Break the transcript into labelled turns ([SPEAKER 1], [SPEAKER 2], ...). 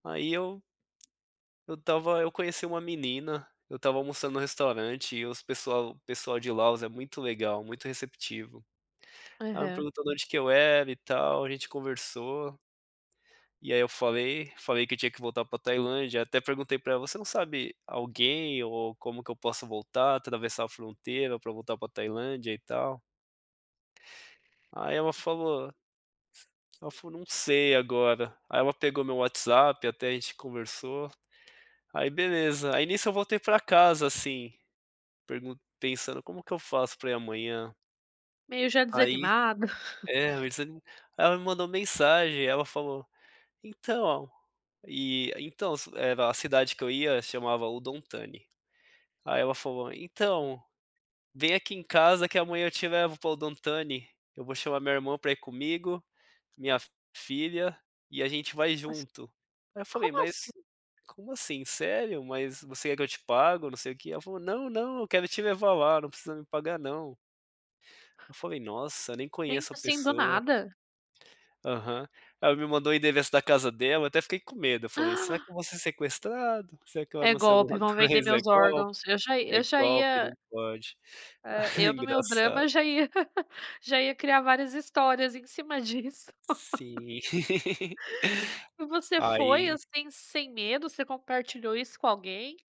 [SPEAKER 1] Aí eu eu estava eu conheci uma menina, eu estava almoçando no restaurante e os pessoal o pessoal de Laos é muito legal, muito receptivo. Ai me
[SPEAKER 2] Aham.
[SPEAKER 1] perguntou da onde que eu era e tal, a gente conversou e aí eu falei, falei que eu tinha que voltar para Tailândia, até perguntei para ela: "Você não sabe alguém ou como que eu posso voltar, atravessar a fronteira para voltar para Tailândia e tal?" Aí ela falou ela falou: "Não sei agora." Aí ela pegou meu WhatsApp até a gente conversou, aí beleza. Aí nisso, eu voltei para casa, assim, pergun pensando: "Como que eu faço para ir amanhã?"
[SPEAKER 2] Meio já
[SPEAKER 1] Aí,
[SPEAKER 2] desanimado.
[SPEAKER 1] é, meio desa ela me mandou mensagem, ela falou: "Então, e então." Era a cidade que eu ia chamava Udon Thani. Aí ela falou: "Então, vem aqui em casa que amanhã eu te levo para Udon Thani, eu vou chamar meu irmão para ir comigo, minha filha, e a gente vai
[SPEAKER 2] [unintelligible]
[SPEAKER 1] junto." Aí eu falei:
[SPEAKER 2] Como assim?
[SPEAKER 1] "Mas, como assim? Sério? Mas você quer que eu te pago?" Não sei o quê. Ela falou: "Não, não. Eu quero te levar lá, não precisa me pagar não." Eu falei: "Nossa, nem
[SPEAKER 2] Pensa,
[SPEAKER 1] conheço a
[SPEAKER 2] assim do
[SPEAKER 1] pessoa."
[SPEAKER 2] nada?
[SPEAKER 1] Aham, ela me mandou o endereço da casa dela, eu até fiquei com medo, eu falei: "Será que
[SPEAKER 2] Ah.
[SPEAKER 1] eu vou ser sequestrado? Será que eu
[SPEAKER 2] "É
[SPEAKER 1] anuncio
[SPEAKER 2] golpe,
[SPEAKER 1] alguma
[SPEAKER 2] vão vender
[SPEAKER 1] coisa? É
[SPEAKER 2] meus
[SPEAKER 1] golpe?
[SPEAKER 2] órgãos." Eu já
[SPEAKER 1] É
[SPEAKER 2] eu já
[SPEAKER 1] golpe,
[SPEAKER 2] ia
[SPEAKER 1] não pode."
[SPEAKER 2] É, eu no meu
[SPEAKER 1] Engraçado.
[SPEAKER 2] drama já ia já ia criar várias histórias em cima disso.
[SPEAKER 1] Sim.
[SPEAKER 2] E você foi,
[SPEAKER 1] Aí
[SPEAKER 2] assim, sem medo, você compartilhou isso com alguém?